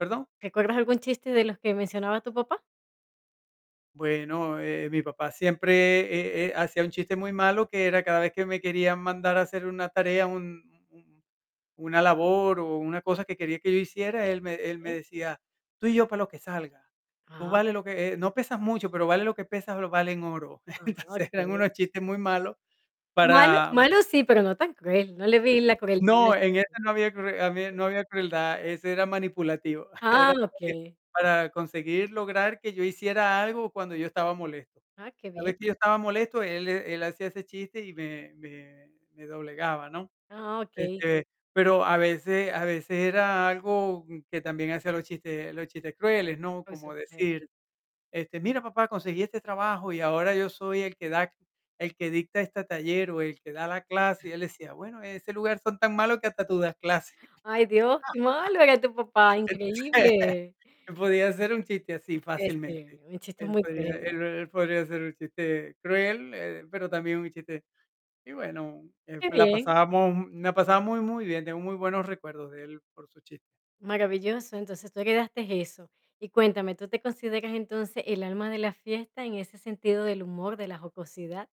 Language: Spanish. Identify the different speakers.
Speaker 1: ¿Perdón?
Speaker 2: ¿Recuerdas algún chiste de los que mencionaba tu papá?
Speaker 1: Bueno, eh, mi papá siempre e eh, hacía un chiste muy malo, que era cada vez que me quería mandar a hacer una tarea, un un un una labor o una cosa que quería que yo hiciera, él me él me
Speaker 2: Okey.
Speaker 1: decía: "Tú y yo para lo que salga, tú
Speaker 2: Ah,
Speaker 1: vales lo
Speaker 2: perfecto.
Speaker 1: que eh, no pesas mucho, pero vales lo que pesas, lo vales en oro".
Speaker 2: Ah,
Speaker 1: Entonces eran
Speaker 2: okey.
Speaker 1: unos chistes muy malos
Speaker 2: Malo
Speaker 1: para
Speaker 2: malo sí, pero no tan cruel, no le vi la crueldad
Speaker 1: No, en ese no había crue a mí
Speaker 2: [unintelligible]
Speaker 1: no había crueldad, ese era manipulativo, era
Speaker 2: Ah,
Speaker 1: porque
Speaker 2: okey.
Speaker 1: para conseguir lograr que yo hiciera algo cuando yo estaba molesto.
Speaker 2: Ah, qué
Speaker 1: Cada
Speaker 2: bien.
Speaker 1: vez que yo estaba molesto, él él hacía ese chiste y me me me doblegaba, ¿no?
Speaker 2: Ah, okey.
Speaker 1: Este, pero a veces a veces era algo que también hacía los chistes los chistes crueles, ¿no?
Speaker 2: Por
Speaker 1: Cómo
Speaker 2: supuesto.
Speaker 1: decir: "Este, mira, papá, conseguí este trabajo, y ahora yo soy el que da c el que dicta este taller o el que da la clase", y él decía: "Bueno, en ese lugar son tan malos, que hasta tú das clase".
Speaker 2: Ay, Dios, qué malo era tu papá,
Speaker 1: Entonces,
Speaker 2: increíble.
Speaker 1: él podía hacer un chiste así, fácilmente.
Speaker 2: Este, un chiste
Speaker 1: Él
Speaker 2: muy
Speaker 1: podría
Speaker 2: cruel.
Speaker 1: él él podría hacer un chiste cruel, eh, pero también un chiste y, bueno, eh,
Speaker 2: Qué
Speaker 1: la
Speaker 2: bien.
Speaker 1: pasábamos mu la pasaba muy muy bien, tengo muy buenos recuerdos de él, por sus chis
Speaker 2: Maravilloso, entonces, tú heredaste eso. Y cuéntame, ¿tú te consideras, entonces, el alma de la fiesta en ese sentido del humor, de la jocosidad?